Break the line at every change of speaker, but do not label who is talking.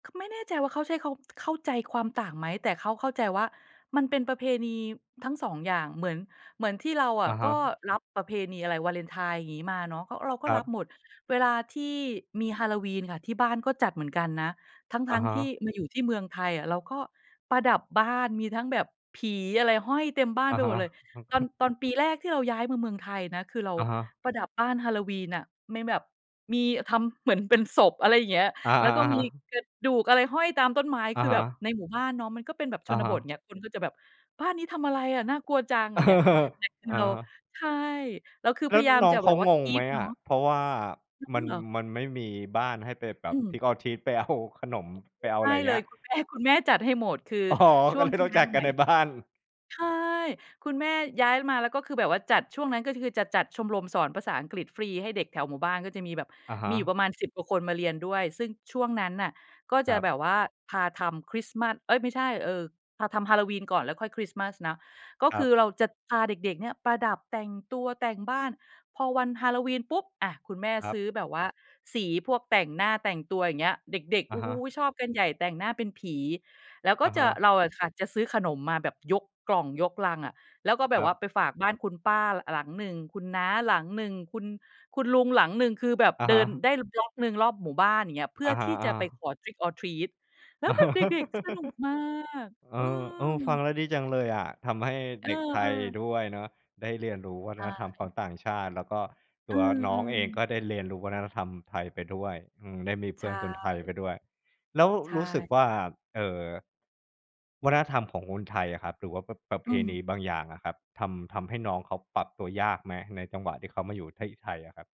คือไม่แน่ใจว่า เขาใช้ เขาเข้าใจความต่างไหม? แต่เขาเข้าใจว่า มันเป็นประเพณีทั้ง 2 อย่าง เหมือน เหมือนที่เราอ
อ
ะ
ะ
ก
ฮ
็
ะ
รับประเพณีอะไร วาเลนไทน์อย่างงี้มาเนาะ เพราะเราก็
คร
ร
ั
ับ
บ
หมด เวลาที่มี Halloween น่ะ ที่บ้านก็จัดเหมือนกันนะ ท
อ
ั
ะ
้ง
ฮ
ๆ ที่
ะ
มาอยู่ที่เมืองไทยอะ เราก็ประดับบ้าน มีทั้งแบบผีอะไรห้อยเต็มบ้า
อ
น
ะ
ไป
ฮ
หมด
ะ
เลย ตอน ตอนปีแรกที่เราย้ายมาเมืองไทยนะ คือเรา
อะฮะ
ประดับบ้าน Halloween น่ะ มีแบบ มี อ ทำเหมือนเป็นศพ อะไรอย่างเงี้ย
อะ
แล้วก็ม
ฮ
ี
ะ ๆ ๆ
กระดูกอะไรห้อยตามต้นไม้
อ
ค
ะ
ือ
ฮ
แบบ
ะ
ในหมู่บ้านเนาะ มันก็เป็นแบบช
อะ
น
ฮ
บท
ะ
เงี้ย คนก็จะแบบ บ้านนี้ทำอะไรอะน่ากลัวจัง อย่างเงี้ย แต่คือ
อะ
เรา
ฮะ
ใช่ เราคือ
แล
พ
้ว
ยายาม
น้อ
จ
ง
ะ
เข
แบ
า
บว่า
งงไหม
keep เน
อ
า
ะ?
ะ
เพราะว่า
งั้
ม
น
ัน
เหรอ?
มันไม่มีบ้านให้ไปแบ
อ
บ
ืม
trick or treat ไปเอาขนม
เ
ไ
อ่อ ค
ป
ือ
เอา
ใช
อ
่
ะไร
เ
เ
ล
งี้
ย
ย?
คุณแม่ คุณแม่จัดให้หมด คือ
อ๋อ
ช่
ก็
วง
เลย
ที่
ต้อง
ย้าย
จั
ม
ด
า
ก
ใ
ั
หม
น
่
ในบ้าน
ใช่ คุณแม่ย้ายมา แล้วก็คือแบบว่าจัด ช่วงนั้นก็คือจะจัดชมรมสอนภาษาอังกฤษฟรีให้เด็กแถวหมู่บ้าน ก็จะมีแบบ
อะฮ
มีอยู่ป
ะ
ระมาณ 10 กว่าคนมาเรียนด้วย ซึ่งช่วงนั้นน่ะ ก็จ
คร
ะ
ับ
แบบว่าพาทำคริสต์มาส เอ๊ย ไม่ใช่ เอ่อ พาทำ Halloween ก่อน แล้วค่อยคริสต์มาสนะ ก็
ค
ค
รั
ือ
บ
เราจะพาเด็ก ๆ เนี่ย ประดับ แต่งตัว แต่งบ้าน พอวัน Halloween ปุ๊บ อะ คุณแม่
ครั
ซื
บ
้อแบบว่า สีพวกแต่งหน้า แต่งตัว อย่างเงี้ย เด็ก ๆ
อ
โอ
ะ
้
ฮ
โฮ!
ะ
ชอบกันใหญ่ แต่งหน้าเป็นผี แล้วก็
อะ
จ
ฮ
ะ
ะ
เราอะค่ะจะซื้อขนมมาแบบยกกล่อง ยกลังอะ แล้วก็แบ
คร
บ
ั
ว่
บ
าไปฝากบ้านคุณป้า ล หลังหนึ่ง คุณน้าหลังหนึ่ง คุณ คุณลุงหลังหนึ่ง คือแบบ
อะ
เด
ฮ
ิน
ะ
ได้ บล็อก หนึ่งรอบหมู่บ้าน อย่างเงี้ย เพื่
อ
อ
ะฮ
ท
ะ
ี่จะไป
ๆ
ขอ trick or treat แล้วแบบเด็ก ๆ สนุกมาก
เอ
อื
อ โอ้ ฟั
ม
งแล้วดีจังเลยอะ ทำให้
เออ
เด็กไทย
ๆ
ด้วยเนาะ ได้เรียนรู้วั
ใ
ฒนธรรมข
ช่
องต่างชาติ แล้วก็
เ
ต
อ
ัวน้องเองก
อ ๆ
็ได้เรียนรู้วัฒนธรรมไทยไปด้วย อืม ได้มีเ
ใ
พ
ช
ื่อนคนไทยไ
่
ปด้วย แล้ว
ใช่
รู้สึกว่
ค
า
่ะ
เอ่อ วัฒนธรรมของคนไทยอะครับ หรือว่าแบบประ ประ
อ
เ
ื
พ
ม
ณีบางอย่างอะครับ ทำ ทำให้น้องเขาปรับตัวยากไหม? ในจังหวะที่เขามาอยู่ที่ไทยอะครับ?